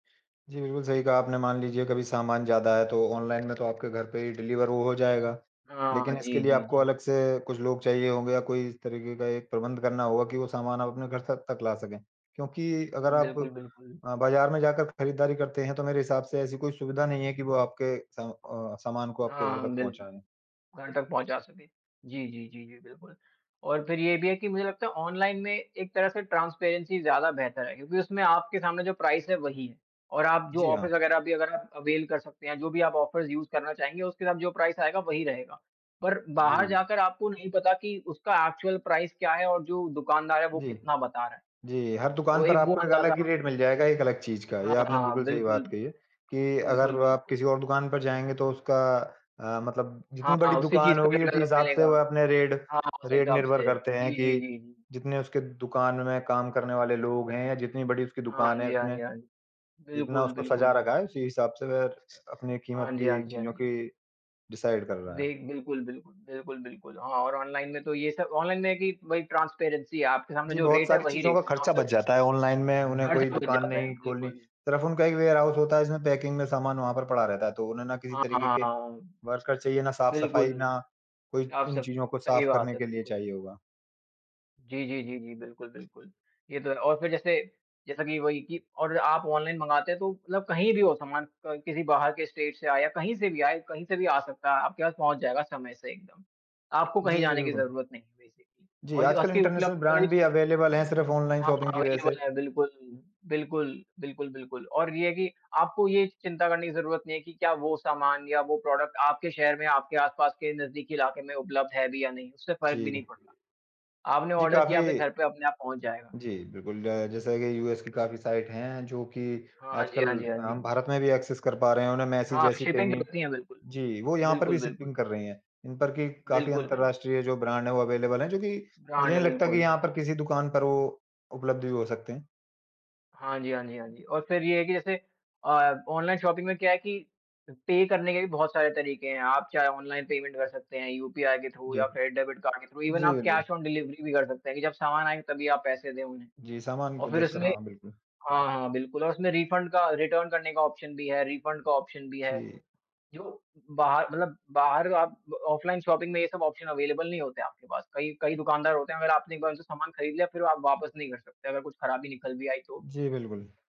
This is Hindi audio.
जी, बिल्कुल सही कहा आपने, मान लीजिए कभी सामान ज़्यादा है तो ऑनलाइन में तो आपके घर पे ही डिलिवर वो हो जाएगा। हाँ, हाँ। लेकिन इसके जी, लिए जी, आपको जी। अलग से कुछ लोग चाहिए होंगे या कोई इस तरीके का एक प्रबंध करना होगा कि वो सामान आप अपने घर तक तक ला सकें, क्योंकि अगर उम, आप बिल्कुल, बिल्कुल। अ, बाजार में जाकर खरीदारी करते हैं तो मेरे हिसाब से ऐसी कोई सुविधा नहीं है कि वो आपके स अ, सामान को आपके हाँ, घर हाँ, तक बिल्कुल, पहुँचाएँ। घर तक पहुँचा सके। जी, जी, जी, जी, बिल्कुल, और फिर ये भी है कि मुझे लगता है ऑनलाइन में एक तरह से ट्रांसपेरेंसी ज़्यादा बेहतर है क्योंकि उसमें आपके सामने जो प्राइस है वही है और आप जो जी, हाँ। ऑफ़र्स वगैरह अभी एवेल कर सकते हैं, जो भी आप ऑफ़र्स यूज़ करना चाहेंगे उसके साथ जो प्राइस आएगा वही रहेगा। पर बाहर जी। जाकर आपको नहीं पता कि उसका एक्चुअल प्राइस क्या है और जो दुकानदार है जी। कितना बता रहा है। जी, हर तो दुकान पर एक वो आपको एक अंदाजा अलग ही आपको रेट मिल जाएगा एक अलग चीज़ का, हाँ, ये आपने हाँ, बिल्कुल सही बिल्कुल, बात कही है, कि बिल्कुल, अगर आप बिल्कुल। किसी और दुकान पर जाएँगे तो उसका अ, मतलब जितनी बड़ी हाँ, उसी दुकान चीज़ का होगी उसी रिजल्ट हिसाब से मिलेगा, वह अपने रेट हाँ, उसी रेट हिसाब निर्भर से, करते हैं जी, कि जी, जी, जी। जितने उसके दुकान में काम करने वाले लोग हैं या जितनी बड़ी उसकी हाँ। हाँ दुकान है, जी, हाँ उसने जी, हाँ जी। जितना बिल्कुल, उसको बिल्कुल, सजा रखा है बिल्कुल। उसी हिसाब से वह रख स अपनी हाँ कीमत जी, हाँ भी जी, हाँ चीज़ों जी। की डिसाइड कर रहा है। देख बिल्कुल, बिल्कुल, बिल्कुल, बिल्कुल, हाँ, और ऑनलाइन में तो ये सब ऑनलाइन में है कि भाई ट्रांसपेरेंसी है, आपके सामने जी, जो बहुत रेट है सारी वही चीज़ों रेट का है ना खर्चा उससे बच जाता है ऑनलाइन में, उन्हें खर्च कोई हो दुकान जाते नहीं हैं, खोलनी, बिल्कुल। सिर्फ़ उनका एक वेयरहाउस होता है जिसमें पैकिंग में सामान वहाँ पर पड़ा रहता है तो उन्हें ना किसी हाँ, तरीके हाँ, के हाँ। वर्कर चाहिए, ना साफ-सफाई, बिल्कुल, ना कोई आप उन सब चीज़ों को सही साफ बात करने है, के लिए बिल्कुल। चाहिए होगा। जी, जी, जी, जी। बिल्कुल, बिल्कुल, ये तो है और फिर जैसे जैसा कि वही कि और आप ऑनलाइन मँगाते हैं तो मतलब कहीं भी हो सामान क किसी बाहर के स्टेट से आया, कहीं से भी आए, कहीं से भी आ सकता है, आपके पास पहुँच जाएगा समय से एकदम। आपको कहीं जी, जाने की बिल्कुल। ज़रूरत नहीं है बेसिकली जी, और जो आजकल आपके इंटरनेशनल उपलब्ध करें ब्रांड भी अवेलेबल हैं सिर्फ़ ऑनलाइन हाँ, शॉपिंग की वज़ह से। अवेलेबल है, बिल्कुल। बिल्कुल, बिल्कुल, बिल्कुल, और ये है कि आपको ये चिंता करने की ज़रूरत नहीं है कि क्या वो सामान या वो प्रोडक्ट आपके शहर में, आपके आस-पास के नजदीकी इलाके में उपलब्ध है भी या नहीं, उससे फ़र्क जी। भी नहीं पड़ता। आपने जी, ऑर्डर किया, काफ़ी आपके घर पे अपने आप पहुँच जाएगा। जी, बिल्कुल जैसा कि यूएस की काफ़ी साइट हैं जो कि हाँ जी, आजकल हाँ जी, हाँ अ, हम जी। भारत में भी एक्सेस कर पा रहे हैं। उन्हें मेसी हाँ, जैसी शिपिंग पेनी करती हैं बिल्कुल, जी, वो यहाँ पर भी बिल्कुल, बिल्कुल। शिपिंग कर रहें हैं, इन पर कि काफ़ी बिल्कुल, बिल्कुल। अंतरराष्ट्रीय जो ब्रांड हैं वो अवेलेबल हैं जो कि मुझे ब्रांड, नहीं लगता कि बिल्कुल। यहाँ पर किसी दुकान पर वो उपलब्ध भी हो सकते हैं। हाँ जी, हाँ जी, हाँ जी, और फिर ये है कि जैसे अ, ऑनलाइन शॉपिंग में क्या है कि अ, पे करने के भी बहुत सारे तरीके हैं, आप चाहे ऑनलाइन पेमेंट कर सकते हैं यूपीआई के थ्रू जी। या फिर डेबिट कार्ड के थ्रू ईवन जी, आप बिल्कुल। कैश ऑन डिलीवरी भी कर सकते हैं कि जब सामान आए तभी आप पैसे दें उन्हें। जी, सामान को और फिर देखकर उसमे हाँ, बिल्कुल। हाँ, हाँ, बिल्कुल और उसमें रिफंड का, रिटर्न करने का ऑप्शन भी है, रिफंड का ऑप्शन भी है। जी। जो, बाहर मतलब बाहर ग आप ब ऑफलाइन शॉपिंग में ये सब ऑप्शन अवेलेबल नहीं होते आपके पास। कई कई दुकानदार होते हैं, अगर आपने एक बार उनसे सामान खरीद लिया फिर आप वापस नहीं कर सकते अगर कुछ खराबी निकल भी आई तो भी। जी, बिल्कुल।